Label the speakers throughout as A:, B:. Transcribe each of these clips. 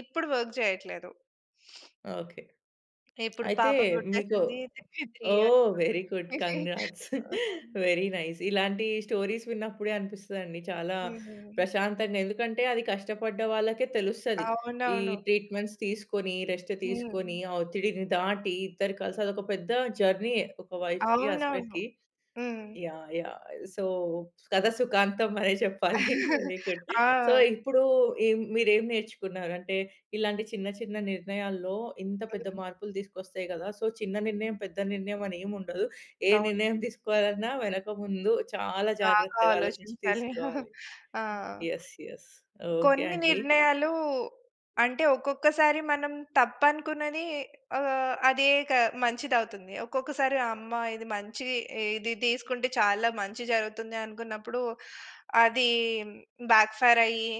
A: ఇప్పుడు work జేయట్లేదు.
B: Okay.
A: ఇప్పుడు
B: అయితే
A: పాప
B: మీకు
A: పుట్టేసింది. 3 ఇయర్స్
B: ఓహ్! వెరీ
A: పాపకి.
B: గుడ్. కంగ్రాట్స్.
A: హుహు.
B: Very nice. ఇలాంటి స్టోరీస్ విన్నప్పుడే అనిపిస్తదండి చాలా
A: హుహు.
B: ప్రశాంతంగా. ఎందుకంటే అది కష్టపడ్డ వాళ్ళకే తెలుస్తది. ఈ
A: అవునవును.
B: ట్రీట్‌మెంట్స్ తీసుకొని, రెస్ట్ తీసుకొని,
A: హ్మ్.
B: ఆ ఒత్తిడిని దాటి ఇద్దరు కలిసి, అది ఒక పెద్ద జర్నీయే ఒక వైఫ్‌కి,
A: అవునవును.
B: హస్బెండ్‌కి.
A: హ్మ్.
B: యాహ్! యాహ్! సో, కథ సుఖాంతం అనే చెప్పాలి. Very good. సో,
A: ఆ!
B: ఇప్పుడు ఏం మీరేం నేర్చుకున్నారు? అంటే ఇలాంటి చిన్న, చిన్న నిర్ణయాల్లో ఇంత పెద్ద
A: ఆ!
B: మార్పులు తీసుకొస్తాయి కదా! సో, చిన్న నిర్ణయం, పెద్ద నిర్ణయం అని ఏముండదు. ఏ
A: అవును.
B: నిర్ణయం తీసుకోవాలన్నా వెనక ముందు చాలా
A: బాగా
B: జాగ్రత్తగా ఆలోచించి
A: ఆలోచించాలి.
B: తీసుకోవాలి.
A: ఆ!
B: యెస్. యెస్. ఓకే
A: కొన్ని
B: అండి.
A: నిర్ణయాలు అంటే, ఒక్కొక్కసారి మనం తప్పనుకున్నది ఆహ్, అదే ఇక మంచిదవుతుంది. ఒక్కొక్కసారి అమ్మ! ఇది మంచి, ఇది తీసుకుంటే చాలా మంచి జరుగుతుంది, అనుకున్నప్పుడు అది బ్యాక్ ఫైర్ అయ్యి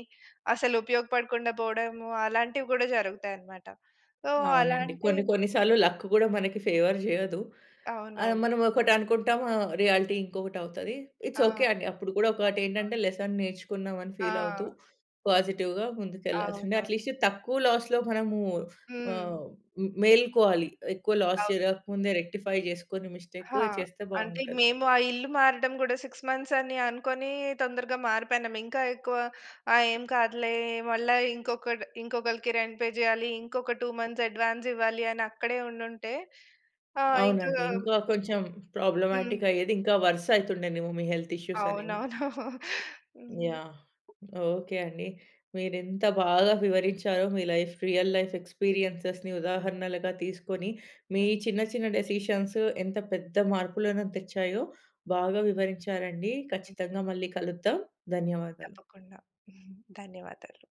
A: అసలు ఉపయోగపడకుండా పోవడము, అలాంటివి కూడా జరుగుతాయన్నమాట. సో,
B: అవునండి.
A: అలాంటి
B: కొన్ని, కొన్నిసార్లు లక్ కూడా మనకి ఫేవర్ జేయదు. ఆ!
A: అవునవును.
B: మనం ఒకటి అనుకుంటాం. ఆహ్, రియాలిటీ ఇంకొకటి అవుతది.
A: ఆ!
B: ఇట్స్ ఓకే అండి. అప్పుడు కూడా ఒకటి
A: సమం కాదు.
B: ఏంటంటే, లెసన్ నేర్చుకున్నాం అని ఫీల్ అవుతూ
A: ఆ!
B: పాజిటివ్‌గా ముందుకెళ్లాల్సిందే.
A: అవునవును.
B: అట్‌లీస్ట్ తక్కువ లాస్‌లో మనము
A: హ్మ్.
B: ఆహ్, మ్ మేలుకోవాలి. ఎక్కువ లాస్
A: అవును.
B: జరగక ముందే రెక్టిఫై జేసుకొని మిస్టేక్,
A: ఆ!
B: చేస్తే
A: అంటే
B: బాగుంటది.
A: మేము ఆ ఇల్లు మారడం గూడా 6 మంత్స్ అని అనుకోని తొందరగా మారిపోయినము. ఇంకా ఎక్కువ ఆహ్, ఏం కాదులే, మళ్ళా ఇంకొక ఇంకొకళ్ళకి రెంట్ పే జేయాలి, ఇంకొక 2 మంత్స్ అడ్వాన్స్ ఇవ్వాలి, అని అక్కడే ఉండుంటే ఆహ్, ఇంకా
B: అవునండి. ఇంకా కొంచెం ప్రాబ్లమాటిక్
A: హ్మ్.
B: అయ్యేది. ఇంకా వరుసయితుండేనేమో మీ హెల్త్ ఇష్యూస్ అనేవి.
A: అవునవును. హ్మ్.
B: యాహ్! ఓకే అండి. మీరింత బాగా వివరించారో మీ లైఫ్ రియల్ లైఫ్ ఎక్స్‌పీరియన్సెస్‌ని ఉదాహరణలుగా తీసుకొని, మీ
A: హ్మ్.
B: చిన్న చిన్న డెసిషన్స్ ఎంత పెద్ద మార్పులను తెచ్చాయో, బాగా వివరించారండి.
A: హ్మ్.
B: ఖచ్చితంగా మళ్ళీ కలుద్దాం. ధన్యవాదాలు.
A: తప్పకుండా. ధన్యవాదాలు.